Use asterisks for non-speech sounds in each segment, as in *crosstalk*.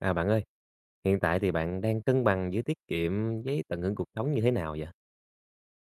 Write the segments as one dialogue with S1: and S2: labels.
S1: À, bạn ơi, hiện tại thì bạn đang cân bằng giữa tiết kiệm với tận hưởng cuộc sống như thế nào vậy?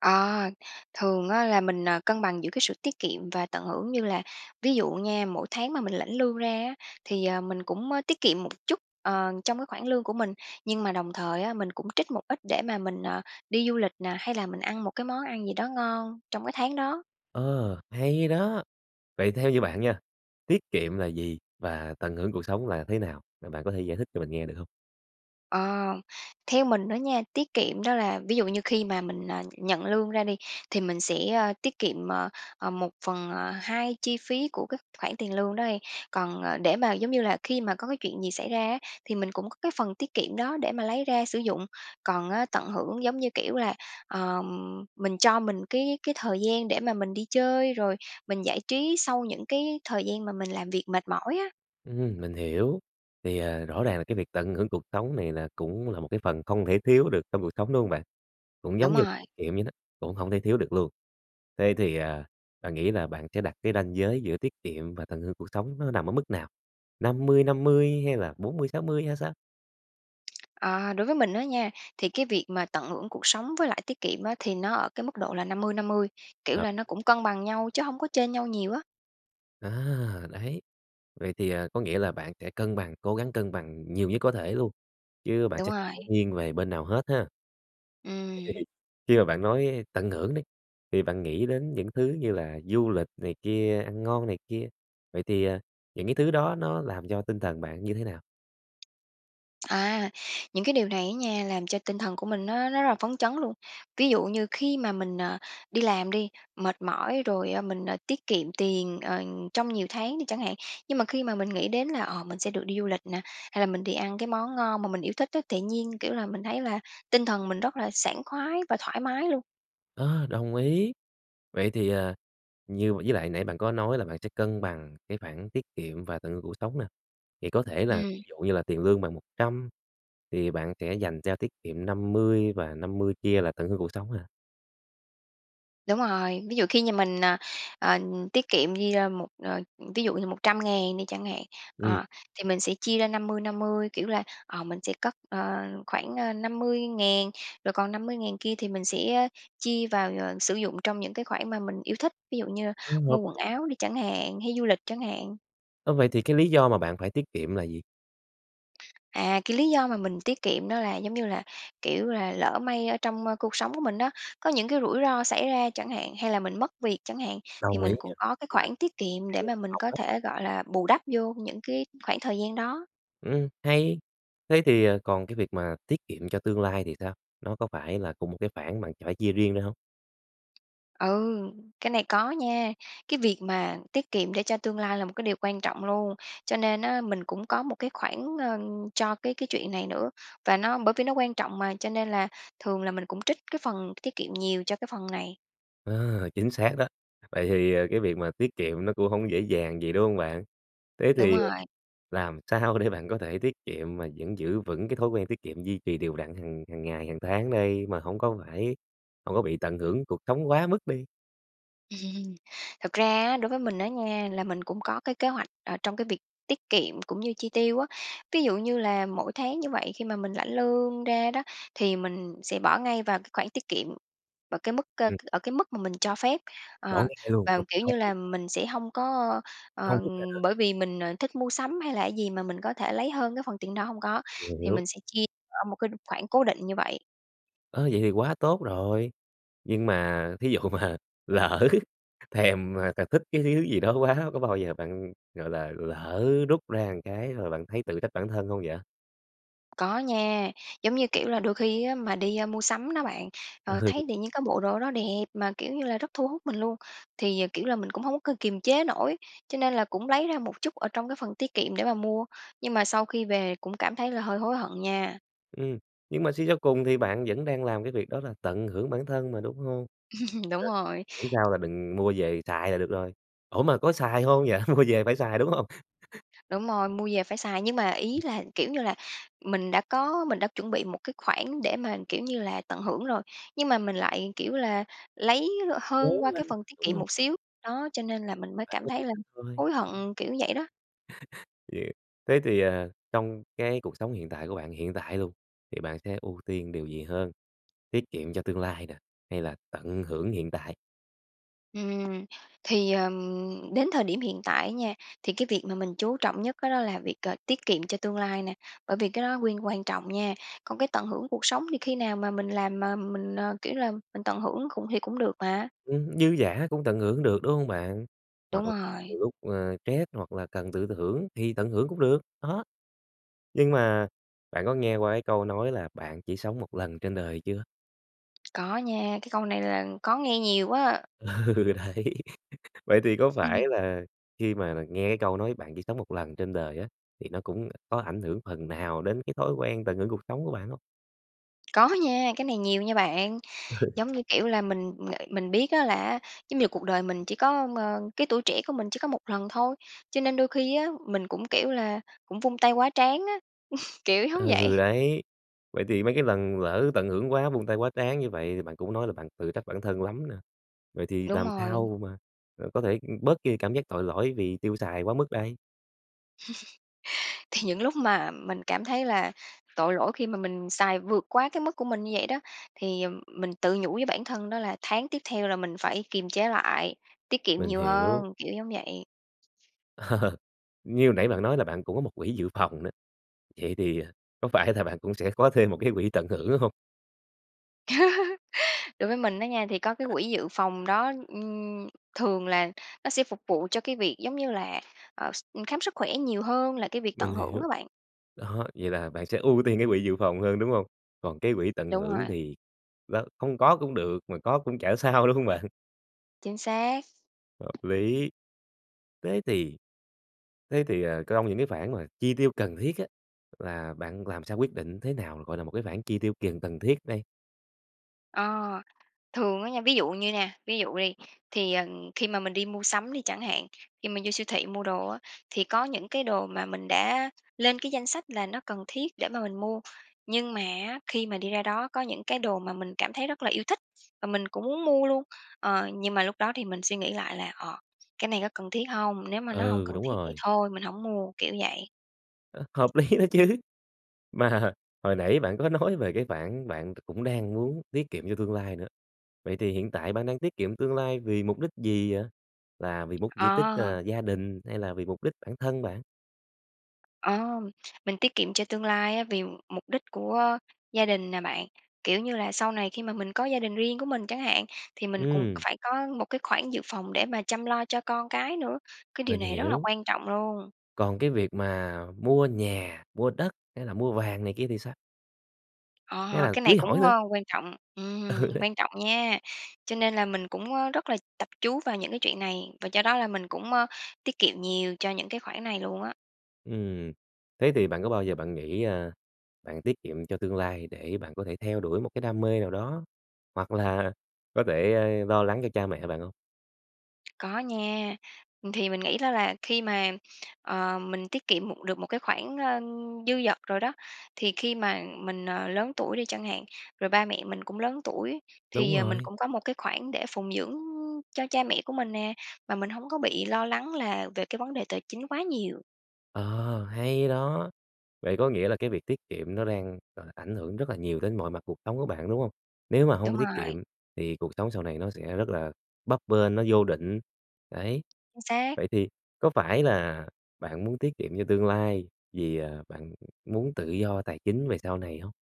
S2: À, thường á là mình, à, cân bằng giữa cái sự tiết kiệm và tận hưởng như là ví dụ nha, mỗi tháng mà mình lãnh lương ra á, thì, ờ, mình cũng, a, tiết kiệm một chút, ờ, trong cái khoảng lương của mình. Nhưng mà đồng thời á, mình cũng trích một ít để mà mình, ờ, đi du lịch nà, hay là mình ăn một cái món ăn gì đó ngon trong cái tháng đó.
S1: Ờ, hay đó. Vậy theo như bạn nha, tiết kiệm là gì? Và tận hưởng cuộc sống là thế nào? Và bạn có thể giải thích cho mình nghe được hông?
S2: Ờ. Theo mình đó nha, tiết kiệm đó là ví dụ như khi mà mình, à, nhận lương ra đi, thì mình sẽ, a, tiết kiệm, ờ, ờ, 1/2 chi phí của cái khoản tiền lương đó đi. Còn, ờ, để mà, giống như là, khi mà có cái chuyện gì xảy ra á, thì mình cũng có cái phần tiết kiệm đó để mà lấy ra sử dụng. Còn á, tận hưởng, giống như kiểu, là, ờm, mình cho mình cái cái thời gian để mà mình đi chơi, rồi mình giải trí sau những cái thời gian mà mình làm việc mệt mỏi á.
S1: Ừm, mình hiểu. Thì, ờ, rõ ràng là cái việc tận hưởng cuộc sống này là cũng là một cái phần không thể thiếu được trong cuộc sống, đúng hông bạn? Cũng
S2: Đúng
S1: giống như
S2: rồi.
S1: là kiệm vậy đó, cũng hổng thể thiếu được luôn. Thế thì à, bạn nghĩ là bạn sẽ đặt cái ranh giới giữa tiết kiệm và tận hưởng cuộc sống nó nằm ở mức nào? 50-50? Hay là 40-60? Hay sao?
S2: Ờ, đối với mình á nha, thì cái việc mà tận hưởng cuộc sống với lại tiết kiệm á, thì nó ở cái mức độ là 50/50, kiểu
S1: Hợp
S2: là, nó cũng cân bằng nhau, chứ hông có chênh nhau nhiều á.
S1: À, đấy. Vậy thì, à, có nghĩa là bạn sẽ cân bằng cố gắng cân bằng nhiều nhất có thể luôn, chứ bạn
S2: Đúng
S1: sẽ
S2: rồi.
S1: nghiêng về bên nào hết ha.
S2: Ừm.
S1: *unintelligible* Khi mà bạn nói tận hưởng đi thì bạn nghĩ đến những thứ như là du lịch này kia, ăn ngon này kia, vậy thì, ờ, những cái thứ đó nó làm cho tinh thần bạn như thế nào?
S2: À, những cái điều này á nha, làm cho tinh thần của mình nó nó rất là phấn chấn luôn. Ví dụ như khi mà mình, ờ, đi làm đi, mệt mỏi, rồi, ơ, mình, ờ, tiết kiệm tiền, ờ, trong nhiều tháng đi chẳng hạn. Nhưng mà khi mà mình nghĩ đến là, ờ, mình sẽ được đi du lịch nè, hay là mình đi ăn cái món ngon mà mình yêu thích á, tự nhiên, kiểu là, mình thấy là tinh thần mình rất là sảng khoái và thoải mái luôn.
S1: Ơ, đồng ý! Vậy thì, ờ, như với lại nãy bạn có nói là bạn sẽ cân bằng cái khoản tiết kiệm và tận hưởng cuộc sống nè, vậy có thể là
S2: Ừm.
S1: ví dụ như là tiền lương bạn 100, thì bạn sẽ dành cho tiết kiệm 50 và 50 kia là tận hưởng cuộc sống hả?
S2: Đúng rồi, ví dụ khi nhà mình, ờ, ờ, tiết kiệm đi, ơ, một, ờ ví dụ như 100.000 đi chẳng hạn.
S1: Ừm.
S2: Ờ, thì mình sẽ chia ra 50-50, kiểu là, ờ, mình sẽ cất, ờ, khoảng, ơ, 50.000 rồi còn 50.000 kia thì mình sẽ, ơ, chia vào, ờ, sử dụng trong những cái khoản mà mình yêu thích, ví dụ như
S1: Ừm, hợp
S2: mua quần
S1: lý.
S2: áo đi chẳng hạn, hay du lịch chẳng hạn.
S1: Ơ, vậy thì cái lý do mà bạn phải tiết kiệm là gì?
S2: À, cái lý do mà mình tiết kiệm đó là, giống như là, kiểu là, lỡ may ở trong cuộc sống của mình đó, có những cái rủi ro xảy ra chẳng hạn, hay là mình mất việc chẳng hạn, thì
S1: Đồng ý
S2: mình
S1: nha,
S2: cũng có cái
S1: là
S2: khoản tiết kiệm để
S1: kiểu
S2: mà mình
S1: phòng
S2: có
S1: đó.
S2: thể, gọi là, bù đắp vô những cái khoảng thời gian đó.
S1: Ừm, hay. Thế thì, ờ, còn cái việc mà tiết kiệm cho tương lai thì sao? Nó có phải là cùng một cái khoản bạn phải chia riêng ra hông?
S2: Ừ, cái này có nha. Cái việc mà tiết kiệm để cho tương lai là một cái điều quan trọng luôn, cho nên á, mình cũng có một cái khoản, ơ, cho cái cái chuyện này nữa. Và nó bởi vì nó quan trọng mà, cho nên là thường là mình cũng trích cái phần tiết kiệm nhiều cho cái phần này.
S1: À, chính xác đó. Vậy thì, à, cái việc mà tiết kiệm nó cũng hông dễ dàng gì, đúng hông bạn? Thế
S2: Đúng
S1: thì, ờ
S2: rồi.
S1: làm sao để bạn có thể tiết kiệm mà vẫn giữ vững cái thói quen tiết kiệm duy trì đều đặn hằng hằng ngày, hàng tháng đây, mà hông có phải hông có bị tận hưởng cuộc sống quá mức đi?
S2: *laughs* Thật ra á, đối với mình á nha là mình cũng có cái kế hoạch, ờ, trong cái việc tiết kiệm cũng như chi tiêu á. Ví dụ như là mỗi tháng như vậy khi mà mình lãnh lương ra đó, thì mình sẽ bỏ ngay vào cái khoản tiết kiệm ở cái mức ơ,
S1: Ừm.
S2: ở cái mức mà mình cho phép.
S1: Bỏ
S2: Ờ,
S1: ngay luôn
S2: và, kiểu như
S1: *unintelligible*
S2: là, mình sẽ hông có
S1: Không
S2: ờ,
S1: rút ra nữa.
S2: bởi vì mình, ờ, thích mua sắm hay là gì mà mình có thể lấy hơn cái phần tiền đó, hông có.
S1: Mình
S2: Thì
S1: hiểu.
S2: mình sẽ chia ở một cái đ khoản cố định như vậy.
S1: Ơ, vậy thì quá tốt rồi. Nhưng mà thí dụ mà lỡ thèm mà t thích cái thứ gì đó quá có bao giờ bạn, gọi là, lỡ rút ra cái rồi bạn thấy tự trách bản thân hông vậy?
S2: Có nha, giống, như kiểu là, đôi khi á mà đi, ơ, mua sắm đó bạn,
S1: Ừ.
S2: ờ, thấy tự nhiên có bộ đồ đó đẹp mà, kiểu như là, rất thu hút mình luôn, thì, ờ, kiểu, là mình cũng hông có k kiềm chế nổi, cho nên là cũng lấy ra một chút ở trong cái phần tiết kiệm để mà mua. Nhưng mà sau khi về cũng cảm thấy là hơi hối hận nha.
S1: Ừm, nhưng mà suy cho cùng thì bạn vẫn đang làm cái việc đó là tận hưởng bản thân mà, đúng hông?
S2: *chuckles* Đúng
S1: Ờ.
S2: rồi.
S1: Miễn sao là đừng mua về xài là được rồi. Ủa, mà có xài hông vậy? Mua về phải xài, đúng hông? *chuckles*
S2: Đúng rồi, mua về phải xài nhưng mà ý là, kiểu như là, mình đã có mình đã chuẩn bị một cái khoản để mà, kiểu như là, tận hưởng rồi, nhưng mà mình lại, kiểu là, lấy l
S1: Lố
S2: hơn qua cái
S1: lăng,
S2: phần tiết
S1: đúng
S2: kiệm
S1: hông?
S2: một xíu. Đó, cho nên là mình mới
S1: Bạn
S2: cảm
S1: có dự
S2: thấy là
S1: định thôi.
S2: hối hận, kiểu vậy đó.
S1: *chuckles* Thế thì, ờ, trong cái cuộc sống hiện tại của bạn, hiện tại luôn, thì bạn sẽ ưu tiên điều gì hơn, tiết kiệm cho tương lai nè, hay là tận hưởng hiện tại?
S2: Ừm. Thì, ừm, đến thời điểm hiện tại á nha, thì cái việc mà mình chú trọng nhất cái đó là việc, ờ, tiết kiệm cho tương lai nè, bởi vì cái đó quyên quan trọng nha. Còn cái tận hưởng cuộc sống thì khi nào mà mình làm mà mình, ờ, kiểu là, mình tận hưởng cũng thì cũng được mà.
S1: Ừm, dư dả cũng tận hưởng được, đúng hông bạn? Hoặc
S2: Đúng
S1: là nhiều
S2: rồi.
S1: lúc, ơ, stress, hoặc là cần tự thưởng thì tận hưởng cũng được, đó. Nhưng mà bạn có nghe qua cái câu nói là "Bạn chỉ sống một lần trên đời" chưa?
S2: Có nha, cái câu này là có nghe nhiều á.
S1: Ừ, đấy. *laughs* Vậy thì có phải
S2: *unintelligible*
S1: là khi mà là nghe cái câu nói "Bạn chỉ sống một lần trên đời" á, thì nó cũng có ảnh hưởng phần nào đến cái thói quen tận hưởng cuộc sống của bạn hông?
S2: Có nha, cái này nhiều nha bạn.
S1: *laughs*
S2: Giống như, kiểu là, mình ng mình biết á là á, giống như là, cuộc đời mình chỉ có m cái tuổi trẻ của mình chỉ có 1 lần thôi, cho nên đôi khi á, mình cũng, kiểu là, cũng vung tay quá trán á, *laughs* kiểu, giống vậy.
S1: Ừ, đấy. Vậy thì mấy cái lần lỡ tận hưởng quá, vung tay quá trán như vậy thì bạn cũng nói là bạn tự trách bản thân lắm nè. Vậy thì
S2: Đúng
S1: làm
S2: rồi.
S1: sao mà, ờ, có thể, ưm, bớt đi cảm giác tội lỗi vì tiêu xài quá mức đây?
S2: *laughs* Thì những lúc mà mình cảm thấy là tội lỗi khi mà mình xài vượt quá cái mức của mình như vậy đó, thì, ừm, mình tự nhủ với bản thân đó là tháng tiếp theo là mình phải kiềm chế lại, tiết kiệm
S1: Mình
S2: nhiều
S1: hiểu.
S2: hơn, kiểu giống vậy.
S1: Ờ, như hồi nãy bạn nói là bạn cũng có một quỹ dự phòng nữa. Vậy thì, ờ, có phải là bạn cũng sẽ có thêm một cái quỹ tận hưởng, đúng hông?
S2: *laughs* Đối với mình á nha, thì có cái quỹ dự phòng đó, ưm, thường là nó sẽ phục vụ cho cái việc, giống như là, ờ, s khám sức khỏe nhiều hơn là cái việc tận
S1: Mình
S2: hưởng
S1: hiểu,
S2: á bạn.
S1: đó, vậy là bạn sẽ ưu tiên cái quỹ dự phòng hơn, đúng hông? Còn cái quỹ tận
S2: Đúng
S1: hưởng
S2: rồi.
S1: thì, đó, không có cũng được mà có cũng chả sao, đúng hông bạn?
S2: Chính xác.
S1: Hợp lý, thế thì thế thì, ờ, cong những cái khoản mà chi tiêu cần thiết á, là bạn làm sao quyết định thế nào, gọi là, một cái khoản chi tiêu kiền cần thiết đây?
S2: Ờ, thường á nha, ví dụ như nha, ví dụ đi, thì, ờ, khi mà mình đi mua sắm đi chẳng hạn, khi mình vô siêu thị mua đồ á thì có những cái đồ mà mình đã lên cái danh sách là nó cần thiết để mà mình mua, nhưng mà á, khi mà đi ra đó có những cái đồ mà mình cảm thấy rất là yêu thích mà mình cũng muốn mua luôn. Ờ, nhưng mà lúc đó thì mình suy nghĩ lại là, ờ, cái này có cần thiết hông? Nếu mà nó hông
S1: Ừ,
S2: cần
S1: đúng
S2: thiết thì
S1: rồi.
S2: thôi mình hổng mua, kiểu vậy.
S1: Ơ, hợp lý đó chứ, mà hồi nãy bạn có nói về cái khoản bạn cũng đang muốn tiết kiệm cho tương lai nữa. Vậy thì hiện tại bạn đang tiết kiệm tương lai vì mục đích gì vậy? Là vì mục di tích,
S2: Ờ.
S1: ờ, gia đình hay là vì mục đích bản thân bạn?
S2: Ờ, mình tiết kiệm cho tương lai á, vì mục đích của gia đình nè bạn. Kiểu như là, sau này khi mà mình có gia đình riêng của mình chẳng hạn, thì mình cùng
S1: Ừm.
S2: phải có một cái khoản dự phòng để mà chăm lo cho con cái nữa, cái điều
S1: Mình
S2: này rất là
S1: hiểu.
S2: quan trọng luôn.
S1: Còn cái việc mà mua nhà, mua đất hay là mua vàng này kia thì sao? Hay
S2: Ờ,
S1: là
S2: cái này
S1: cưới hỏi
S2: cũng,
S1: nữa?
S2: ơ, quan trọng,
S1: Ừ,
S2: ừm,
S1: đấy.
S2: quan trọngnha, cho nên là mình cũng, ơ, rất là tập chú vào những cái chuyện này, và do đó là mình cũng, ơ, tiết kiệm nhiều cho những cái khoản này luôn á.
S1: Ừm, thế thì bạn có bao giờ bạn nghĩ, a, bạn tiết kiệm cho tương lai để bạn có thể theo đuổi một cái đam mê nào đó? Hoặc là có thể, a, lo lắng cho cha mẹ bạn hông?
S2: Có nha. Thì mình nghĩ đó là khi mà, ờ, mình tiết kiệm một được một cái khoản, ơ, dư dật rồi đó, thì khi mà mình, ờ, lớn tuổi đi chẳng hạn, rồi ba mẹ mình cũng lớn tuổi,
S1: Đúng
S2: thì, ờ, mình
S1: rồi.
S2: cũng có một cái khoản để phụng dưỡng, ưm, cho cha mẹ của mình nè, mà mình hông có bị lo lắng là về cái vấn đề tài chính quá nhiều.
S1: Ờ, hay đó! Vậy có nghĩa là cái việc tiết kiệm nó đang, gọi là, ảnh hưởng rất là nhiều đến mọi mặt cuộc sống của bạn, đúng hông? Nếu mà hông
S2: Đúng
S1: có tiết
S2: rồi.
S1: kiệm thì cuộc sống sau này nó sẽ rất là bấp bênh, nó vô định, đấy.
S2: Xác.
S1: Vậy thì có phải là bạn muốn tiết kiệm cho tương lai vì, ờ, bạn muốn tự do tài chính về sau này hông?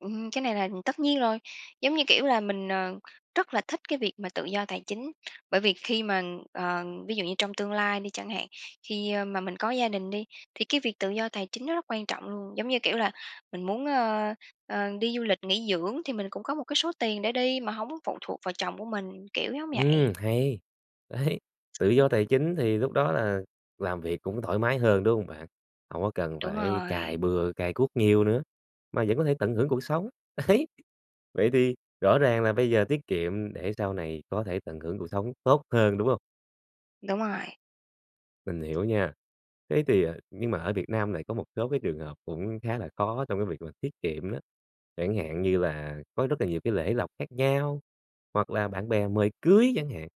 S2: Ừm, cái này là tất nhiên rồi, giống như, kiểu là, mình, ờ, rất là thích cái việc mà tự do tài chính bởi vì khi mà, ờ, ví dụ như trong tương lai đi chẳng hạn, khi, a, mà mình có gia đình đi, thì cái việc tự do tài chính nó rất quan trọng luôn. Giống như kiểu là, mình muốn, ơ, ơ, đi du lịch nghỉ dưỡng, thì mình cũng có một cái số tiền để đi mà hổng phụ thuộc vào chồng của mình, kiểu giống vậy.
S1: Ừm, hay. Đấy, tự do tài chính thì lúc đó là làm việc cũng thoải mái hơn, đúng hông bạn? Hổng có cần
S2: Đúng
S1: phải cày
S2: rồi.
S1: bừa, cày cuốc nhiều nữa, mà vẫn có thể tận hưởng cuộc sống. Đấy, vậy thì rõ ràng là bây giờ tiết kiệm, để sau này có thể tận hưởng cuộc sống tốt hơn, đúng hông?
S2: Đúng rồi.
S1: Mình hiểu nha. Thế thì, à nhưng mà ở Việt Nam này có một số cái trường hợp cũng khá là khó trong cái việc mà tiết kiệm đó. Chẳng hạn như là có rất là nhiều cái lễ lộc khác nhau, hoặc là bạn bè mời cưới chẳng hạn,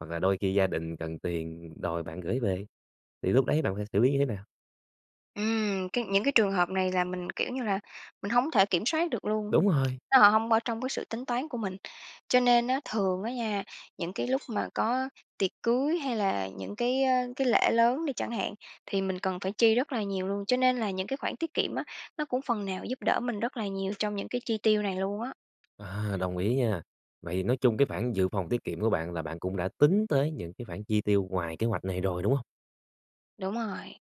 S1: hoặc là đôi khi gia đình cần tiền đòi bạn gởi về, thì lúc đấy bạn phải xử lý như thế nào?
S2: Ừm, cái những cái trường hợp này là mình, kiểu như là, mình hổng thể kiểm soát được luôn,
S1: Đúng rồi.
S2: nếu họ hông ở trong cái sự tính toán của mình. Cho nên á thường á nha, những cái lúc mà có tiệc cưới hay là những cái, ơ, cái lễ lớn đi chẳng hạn, thì mình cần phải chi rất là nhiều luôn. Cho nên là những cái khoản tiết kiệm á, nó cũng phần nào giúp đỡ mình rất là nhiều trong những cái chi tiêu này luôn á.
S1: À, đồng ý nha. Vậy thì nói chung cái khoản dự phòng tiết kiệm của bạn, là bạn cũng đã tính tới những cái khoản chi tiêu ngoài kế hoạch này rồi, đúng hông?
S2: Đúng rồi.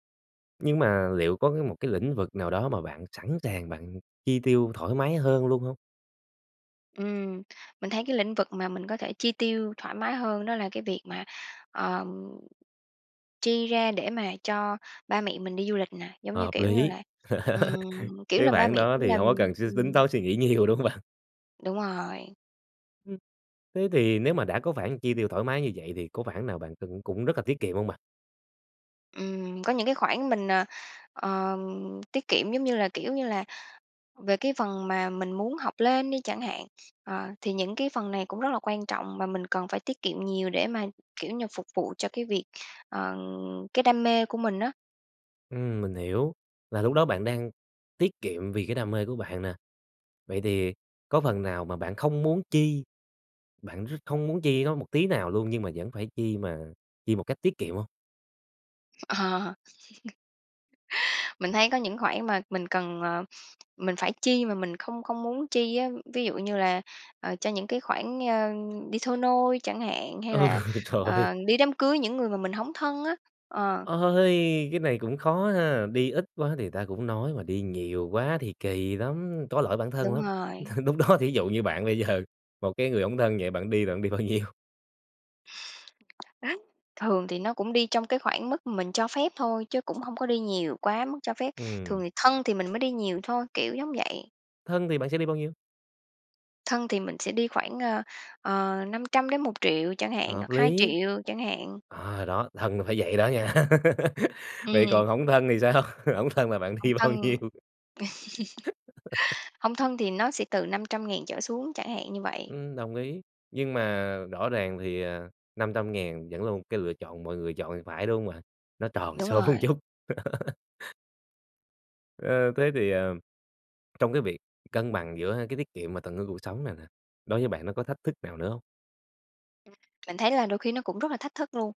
S1: Nhưng mà liệu có cái một cái lĩnh vực nào đó mà bạn sẵn sàng bạn chi tiêu thoải mái hơn luôn hông?
S2: Ừm. Mình thấy cái lĩnh vực mà mình có thể chi tiêu thoải mái hơn đó là cái việc mà, ờm chi ra để mà cho ba mẹ mình đi du lịch nè, giống như
S1: Hợp
S2: kiểu như
S1: lý.
S2: là,
S1: *laughs*
S2: ừm, kiểu
S1: Cái
S2: là, ba
S1: khoản
S2: mẹ
S1: đó
S2: cũng
S1: thì
S2: làm,
S1: hổng có cần suy tính
S2: ừm
S1: toán, suy nghĩ nhiều, đúng hông bạn?
S2: Đúng rồi.
S1: Ừm. Thế thì nếu mà đã có khoản chi tiêu thoải mái như vậy thì có khoản nào bạn cần cũng rất là tiết kiệm hông bạn?
S2: Ừm, có những cái khoản mình, ờ, ờ, tiết kiệm, giống như là, kiểu như là, về cái phần mà mình muốn học lên đi chẳng hạn, ờ, thì những cái phần này cũng rất là quan trọng và mình cần phải tiết kiệm nhiều để mà, kiểu như, phục vụ cho cái việc, ờ, cái đam mê của mình á.
S1: Ừm, mình hiểu. Là lúc đó bạn đang tiết kiệm vì cái đam mê của bạn nè, vậy thì có phần nào mà bạn không muốn chi, bạn r không muốn chi nó một tí nào luôn nhưng mà vẫn phải chi mà chi một cách tiết kiệm hông?
S2: Ờ. *laughs* Mình thấy có những khoản mà mình cần, ờ, mình phải chi mà mình không không muốn chi á, ví dụ như là, ờ, cho những cái khoản, ơ, đi thôi nôi chẳng hạn, hay
S1: Ừ,
S2: là,
S1: trời
S2: ờ, đi đám cưới những người mà mình hổng thân á. Ờ.
S1: Ôi, cái này cũng khó ha! Đi ít quá thì người ta cũng nói mà đi nhiều quá thì kỳ lắm, có lỗi bản thân
S2: Đúng
S1: lắm.
S2: rồi.
S1: Lúc đó thí dụ như bạn bây giờ, một cái người hổng thân vậy bạn đi là bạn đi bao nhiêu?
S2: *chuckles* Thường thì nó cũng đi trong cái khoảng mức mình cho phép thôi, chứ cũng hông có đi nhiều quá mức cho phép, thường
S1: Ừm.
S2: thì thân thì mình mới đi nhiều thôi, kiểu giống vậy.
S1: Thân thì bạn sẽ đi bao nhiêu?
S2: Thân thì mình sẽ đi khoảng, ơ, ờ, 500.000-1.000.000 chẳng hạn,
S1: Hợp
S2: hoặc hai
S1: lý.
S2: triệu chẳng hạn.
S1: À, đó, thân là phải vậy đó nha. *laughs* Vậy còn
S2: Ừm.
S1: hổng thân thì sao? Hổng thân là bạn
S2: Hông
S1: đi bao
S2: thân
S1: nhiêu? *laughs*
S2: *chuckles* hông thân thì nó sẽ từ 500.000 trở xuống, chẳng hạn như vậy.
S1: Ừm, đồng ý. Nhưng mà rõ ràng thì, ờ, 500.000 vẫn là một cái lựa chọn mọi người chọn thì phải, đúng hông bạn? Nó tròn
S2: Đúng
S1: số
S2: rồi.
S1: chút. *laughs* Ơ, thế thì, à, trong cái việc cân bằng giữa cái tiết kiệm và tận hưởng cuộc sống này nè, đối với bạn nó có thách thức nào nữa hông?
S2: Mình thấy là đôi khi nó cũng rất là thách thức luôn,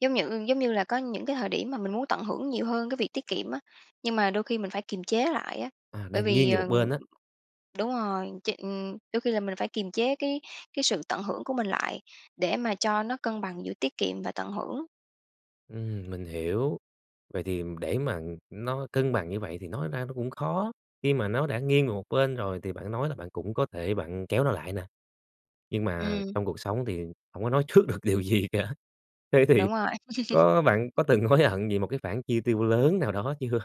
S2: giống nhự giống như là có những cái thời điểm mà mình muốn tận hưởng nhiều hơn cái việc tiết kiệm á, nhưng mà đôi khi mình phải kiềm chế lại á.
S1: À,
S2: Bởi
S1: đang nghiêng
S2: vì,
S1: về một
S2: ờ
S1: bên á.
S2: đúng rồi, ch đôi khi là mình phải kiềm chế cái cái sự tận hưởng của mình lại, để mà cho nó cân bằng giữa tiết kiệm và tận hưởng.
S1: Ừm, mình hiểu. Vậy thì, ừm, để mà, ừm, nó cân bằng như vậy thì nói ra nó cũng khó, khi mà nó đã nghiêng về một bên rồi thì bạn nói là bạn cũng có thể bạn kéo nó lại nè, nhưng mà
S2: Ừm.
S1: trong cuộc sống thì hổng có nói trước được điều gì cả. Thế thì,
S2: Đúng rồi.
S1: có bạn
S2: *chuckles*
S1: có từng hối hận vì một cái khoản chi tiêu lớn nào đó chưa?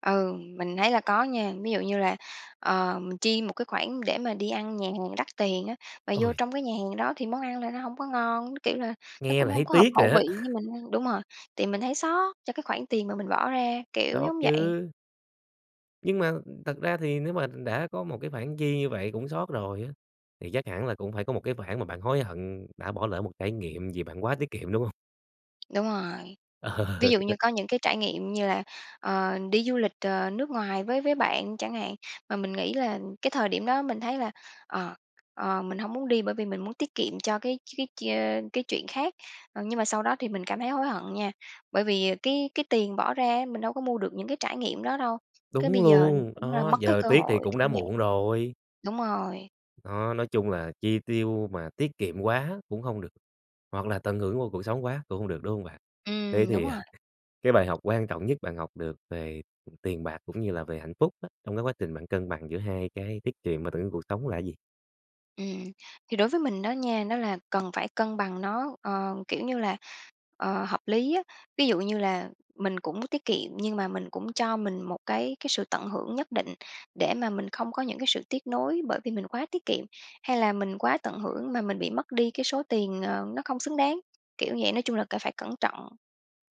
S2: Ừ, mình thấy là có nha. Ví dụ như là, ờm, mình chi một cái khoản để mà đi ăn nhà hàng đắt tiền á, mà vô
S1: Ôi!
S2: trong cái nhà hàng đó thì món ăn là nó hông có ngon, nó, kiểu là, nó
S1: Nghe
S2: cũng
S1: là thấy
S2: hông có hợp
S1: tiếc rồi
S2: khẩu
S1: á.
S2: vị với
S1: *chuckles*
S2: mình ăn. Đúng rồi, thì mình thấy xót cho cái khoản tiền mà mình bỏ ra, kiểu,
S1: Xót
S2: giống vậy.
S1: chứ. Nhưng mà, thật ra thì nếu mà đã có một cái khoản chi như vậy cũng xót rồi á, thì chắc hẳn là cũng phải có một cái khoản mà bạn hối hận đã bỏ lỡ một trải nghiệm vì bạn quá tiết kiệm, đúng hông?
S2: Đúng rồi, ví
S1: Ờ.
S2: dụ như có những cái trải nghiệm như là, ờ, đi du lịch, ờ, nước ngoài với với bạn chẳng hạn, mà mình nghĩ là cái thời điểm đó mình thấy là, ờ, ờ, mình hông muốn đi bởi vì mình muốn tiết kiệm cho cái cái chuyên cái chuyện khác. Ờ, nhưng mà sau đó thì mình cảm thấy hối hận nha bởi vì cái cái tiền bỏ ra á mình đâu có mua được những cái trải nghiệm đó đâu, cái bây
S1: Đúng
S2: giờ
S1: luôn,
S2: cũng là
S1: đó,
S2: mất cái
S1: giờ
S2: cơ
S1: tiếc thì
S2: hội,
S1: cũng đã
S2: kiểu vậy.
S1: muộn rồi.
S2: Đúng rồi.
S1: Đó, nói chung là chi tiêu mà tiết kiệm quá cũng hông được, hoặc là tận hưởng vô cuộc sống quá cũng hông được, đúng hông bạn? Thế
S2: Ừm, đúng
S1: thì, ờ,
S2: rồi.
S1: cái bài học quan trọng nhất bạn học được về tiền bạc cũng như là về hạnh phúc á, trong cái quá trình bạn cân bằng giữa hai cái tiết kiệm và tận hưởng cuộc sống là gì?
S2: Ừm. Thì đối với mình đó nha, nó là cần phải cân bằng nó, ờ, kiểu như là, ờ, hợp lý á. Ví dụ như là mình cũng tiết kiệm nhưng mà mình cũng cho mình một cái cái sự tận hưởng nhất định để mà mình không có những cái sự tiếc nối bởi vì mình quá tiết kiệm, hay là mình quá tận hưởng mà mình bị mất đi cái số tiền, ờ, nó không xứng đáng, kiểu vậy, nói chung là cả phải cẩn trọng.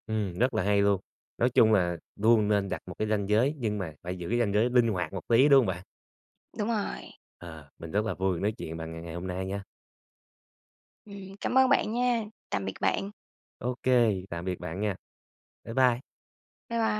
S1: Ừm, rất là hay luôn. Nói chung là luôn nên đặt một cái ranh giới nhưng mà phải giữ cái ranh giới linh hoạt một tí, đúng hông bạn?
S2: Đúng rồi.
S1: À, mình rất là vui được nói chuyện bạn ngày ngày hôm nay nha.
S2: Ừm, cảm ơn bạn nha, tạm biệt bạn.
S1: Ô kê, tạm biệt bạn nha. Bye bye.
S2: Bye bye.